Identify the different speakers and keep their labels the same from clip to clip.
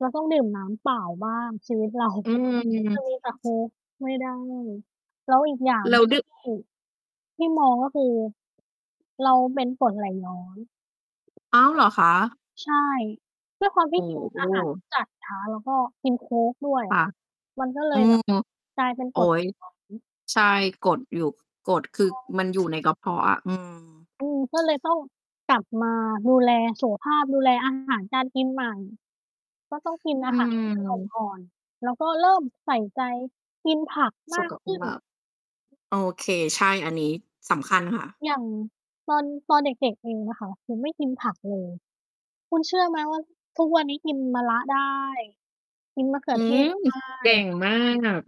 Speaker 1: เราต้องดื่มน้ำเปล่าบ้างชีวิต เรา
Speaker 2: อืม อือ
Speaker 1: จะมีแต่โค้กไม่ได้ แล้วอีกอย่าง
Speaker 2: เราดื้อ
Speaker 1: ที่มอง ก็คือเราเป็นกรดไหลย้อน
Speaker 2: อ้าวเหรอคะ?
Speaker 1: ใช่ ด้วยความท
Speaker 2: โ
Speaker 1: ี
Speaker 2: อ
Speaker 1: ่
Speaker 2: ้
Speaker 1: กิน
Speaker 2: โ
Speaker 1: อาหาร
Speaker 2: ฮ
Speaker 1: ที่จัดช้า แล้วก็กินโค้กด้วย
Speaker 2: ค
Speaker 1: อะ
Speaker 2: ่ะ
Speaker 1: มันก็เล
Speaker 2: อือ
Speaker 1: ยแบบ
Speaker 2: ฮึ
Speaker 1: กลายเป็น
Speaker 2: โ
Speaker 1: ก
Speaker 2: อ๊
Speaker 1: รด
Speaker 2: ย
Speaker 1: ย้อน
Speaker 2: ใช่ กรดอยู่ กรด คือมัน อยู่ในกระเพาะอะ อืม
Speaker 1: อืม ก็เลยต้องกลับมาดูแลสุขภาพ ดูแล อาหาร การกินใหม่ ก็ต้องกินอ
Speaker 2: อ
Speaker 1: า
Speaker 2: ื
Speaker 1: หาร ที่มัน อ
Speaker 2: ม
Speaker 1: ่อน ๆ แล้วก็เริ่มใส่ใจ กินผักม
Speaker 2: สุ
Speaker 1: า
Speaker 2: ข
Speaker 1: ก
Speaker 2: กับ
Speaker 1: ข
Speaker 2: คุ
Speaker 1: ึ
Speaker 2: ณ
Speaker 1: ้น
Speaker 2: มาก โอเค ใช่ อันนี้สำคัญค่ะ
Speaker 1: อย่างตอน ตอนเด็ก ๆ เองอะค่ะ คือไม่กินผัก เลย คุณเชื่อไหมว่า ทุกวันนี้กินมะระได้ กินมะเขื
Speaker 2: อื
Speaker 1: อเท
Speaker 2: ม
Speaker 1: ศ ได
Speaker 2: เก่
Speaker 1: ้
Speaker 2: งมาก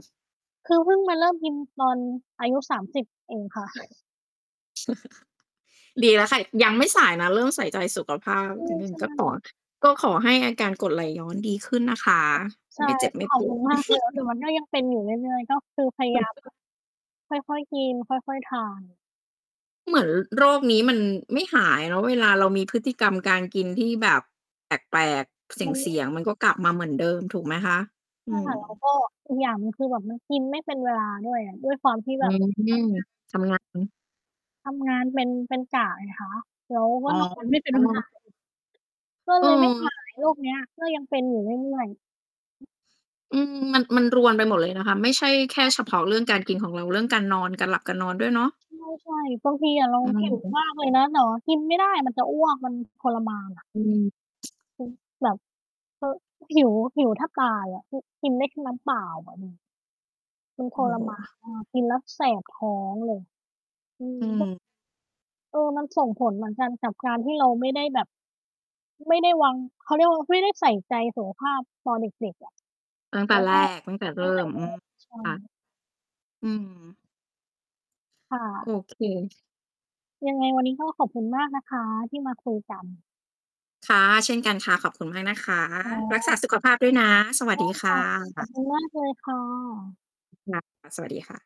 Speaker 1: คือเพิ่งมาเริ่มกินตอนอายุ 30 เองค่ะ
Speaker 2: ดีแล้วค่ะ ยังไม่สายนะ เริ่มใส่ใจสุขภาพนิดหนึ
Speaker 1: ใ
Speaker 2: ่
Speaker 1: ช
Speaker 2: ง
Speaker 1: ่
Speaker 2: ก็ตอ
Speaker 1: ๆ
Speaker 2: ด ก็ขอให้อาการกรดไหลย้อนดีขึ้นนะคะ
Speaker 1: ค่ะ ใช่
Speaker 2: ไม่เจ็บไม่
Speaker 1: ขอ
Speaker 2: ป
Speaker 1: บค
Speaker 2: ว
Speaker 1: ุ
Speaker 2: ด
Speaker 1: ณมากเลย แต่มันก็ยังเป็นอยู่เรื่อย ๆ ก็คือพยายามแบบค่อย ๆ กิน ค่อย ๆ ทาน
Speaker 2: เหมือนโรคนี้มันไม่หายเนาะ เวลาเรามีพฤติกรรมการกินที่แบบแปลก ๆ
Speaker 1: มัน
Speaker 2: เ
Speaker 1: ไ
Speaker 2: ส
Speaker 1: ม
Speaker 2: ี
Speaker 1: ่
Speaker 2: ่ยง ๆ มันก็กลับมาเหมือนเดิมถูกไหมคะ?
Speaker 1: ใช
Speaker 2: อ
Speaker 1: ่
Speaker 2: ื
Speaker 1: ค่ะ แล้วเข
Speaker 2: ม
Speaker 1: าก็ อีกอย่างหนึ่ง คือแบบมันกินไม่เป็นเวลาด้วย ด้วยความที่
Speaker 2: อ
Speaker 1: แ
Speaker 2: ื
Speaker 1: บ
Speaker 2: อ
Speaker 1: บ เข้างาน
Speaker 2: ทำ งาน
Speaker 1: ทำงานเป็น เป็นกะไงคะ แล้วก
Speaker 2: อ
Speaker 1: ็
Speaker 2: ๋
Speaker 1: นอน ไม่เป็น เวล
Speaker 2: อ
Speaker 1: าอีก ก็เลยไม่ ห
Speaker 2: เออ
Speaker 1: าย โรคเนี้ย ก็ยังเป็นอยู่เรื่อย ๆ
Speaker 2: อืม มัน มันรวนไปหมดเลยนะคะ ไม่ใช่แค
Speaker 1: ใช
Speaker 2: ่เฉ
Speaker 1: ่
Speaker 2: พาะเรื่องการกินของเรา เรื่องการนอน การหลับกันนอนด้วยเนาะ
Speaker 1: ใช่ ๆ บางทีอะเรา
Speaker 2: อือ
Speaker 1: หิว
Speaker 2: ฮึ
Speaker 1: มากเลยนะ แต่ว่ากินไม่ได้ มันจะอ้วก มันทรมานอะ
Speaker 2: อืม
Speaker 1: อือ แบบ เออ หิว หิวแทบตายอะ อือ กินได้แค่น้ำเปล่าอะ อืม มัน ท
Speaker 2: โอ
Speaker 1: ร
Speaker 2: ้โ
Speaker 1: มา
Speaker 2: ฮ
Speaker 1: นมาก กินแล้วแสบท้องเลย อืม
Speaker 2: อืม
Speaker 1: เออ มันส่งผลเหมือนกันกับการที่เราไม่ได้แบบ ไม่ได้วาง เขาเรียกว่า ไม่ได้ใส่ใจสุขภาพตอนเด็ก ๆ อะ
Speaker 2: ตั้งแต
Speaker 1: แ
Speaker 2: ่
Speaker 1: ล้ว
Speaker 2: แร
Speaker 1: ก็
Speaker 2: ก ตั้งแต่
Speaker 1: ต
Speaker 2: เร
Speaker 1: ั้
Speaker 2: ิ่
Speaker 1: งแต่
Speaker 2: ม
Speaker 1: นั
Speaker 2: อ
Speaker 1: ้
Speaker 2: ื
Speaker 1: นเ
Speaker 2: ม
Speaker 1: ลย ใช่
Speaker 2: ค่ะ อืม
Speaker 1: ค่
Speaker 2: โ
Speaker 1: ะ
Speaker 2: อเค
Speaker 1: ยังไงวันนี้ ก็ขอบคุณมากนะคะที่มาคุยกัน
Speaker 2: ค่ะ เช่นกันค่ะ ขอบคุณมากนะคะ
Speaker 1: อ๋
Speaker 2: รักษา
Speaker 1: อ
Speaker 2: สุขภาพด้วยนะ สวัส
Speaker 1: ได
Speaker 2: ด
Speaker 1: ้
Speaker 2: ีค
Speaker 1: ค
Speaker 2: ่
Speaker 1: ่ะ ขอบค
Speaker 2: ะ
Speaker 1: ุณมากเลยค่ะ
Speaker 2: ค่ะ สวัสดีค่ะ